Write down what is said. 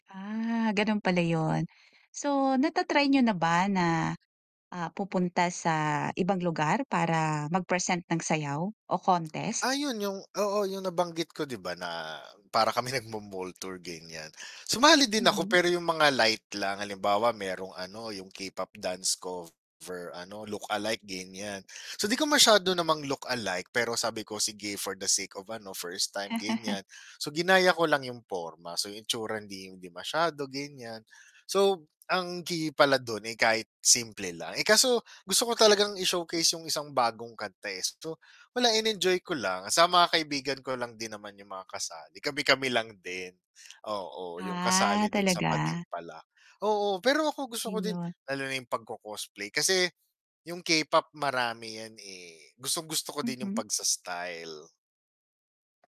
Ah, gano'n pala 'yun. So, nata-try niyo na ba na, ah, pupunta sa ibang lugar para mag-present ng sayaw o contest? Ayun, yung oo, yung nabanggit ko 'di ba na, para kami nagmo-mall tour ganiyan. Sumali din ako Mhm. pero yung mga light lang, halimbawa mayrong ano yung K-pop dance cover ano look-alike, ganiyan. So, 'di ko masyado namang look-like pero sabi ko, sige, for the sake of ano, first time, ganiyan. So ginaya ko lang yung porma, so yung itsura hindi hindi masyado ganiyan. So ang key pala do'n, eh, kahit simple lang. Eh, kaso gusto ko talagang i-showcase yung isang bagong kanta, eh, so wala in-enjoy ko lang saka mga kaibigan ko lang din naman yung mga kasali, kami-kami lang din, oo yung kasali Ah, do'n sa talaga? patimpalak. Oo, pero ako gusto ko din, Ayun. lalo na yung pagco-cosplay, kasi yung K-pop marami yan, eh, gustong-gusto ko din yung Mhm. pagsa-style.